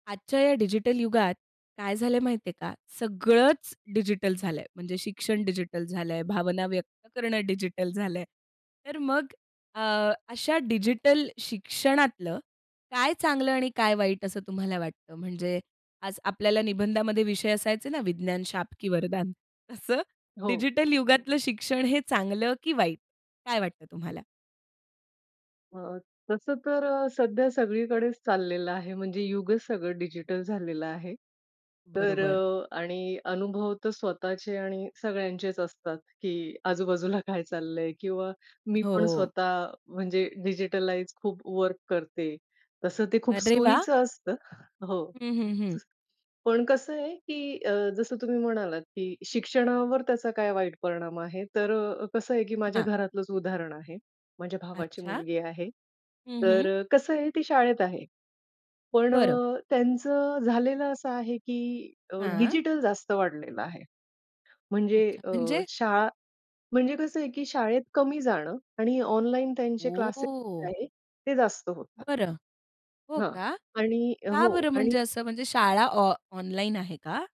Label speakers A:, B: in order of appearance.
A: आजच्या या डिजिटल युगात काय झालं आहे माहिती आहे का, सगळंच डिजिटल झालं आहे. म्हणजे शिक्षण डिजिटल झालं आहे, भावना व्यक्त करणं डिजिटल झालं आहे; तर मग अ, अशा डिजिटल शिक्षणातलं काय चांगलं आणि काय वाईट असं तुम्हाला वाटतं? म्हणजे आज आपल्याला निबंधामध्ये विषय असायचे ना, "विज्ञान- शाप की वरदान" असं
B: हो.
A: डिजिटल युगातलं शिक्षण हे चांगलं की वाईट, काय वाटतं तुम्हाला?
B: अ, तसं तर अ, सध्या सगळीकडेच चाललेलं आहे, म्हणजे युगच सगळं डिजिटल झालेलं आहे. तर
A: बरोबर.
B: अ, आणि अनुभव तर स्वतःचे आणि सगळ्यांचेच असतात, की आजूबाजूला काय चाललं आहे किंवा मी पण
A: हो.
B: स्वतः म्हणजे डिजिटलाईज खूप वर्क करते, तसं ते खूप
A: अरे वाह!
B: सोयीचं असतं. हो.
A: हं, हं, हं.
B: पण कसं आहे, की अ, जसं तुम्ही म्हणालात, की शिक्षणावर त्याचा काय वाईट परिणाम आहे? तर अ, कसं आहे, की माझ्या
A: हां.
B: घरातलंच उदाहरण आहे, माझ्या भावाची
A: अच्छा.
B: मुलगी आहे.
A: हं हं.
B: तर अ, कसं आहे ती शाळेत आहे. पण
A: बरं.
B: अ, त्यांचं झालेलं असं आहे, की अ,
A: हां.
B: डिजिटल जास्त वाढलेलं आहे. म्हणजे
A: अच्छा.
B: अ,
A: म्हणजे?
B: शाळा म्हणजे कसं आहे, की शाळेत कमी जाणं आणि ऑनलाईन त्यांचे क्लासेस जे
A: ओह!
B: आहेत ते जास्त होतात.
A: बरं, हो
B: हां.
A: का?
B: आणि
A: का
B: हो.
A: बरं
B: आणि
A: म्हणजे असं, म्हणजे शाळा ऑ ऑनलाईन आहे का?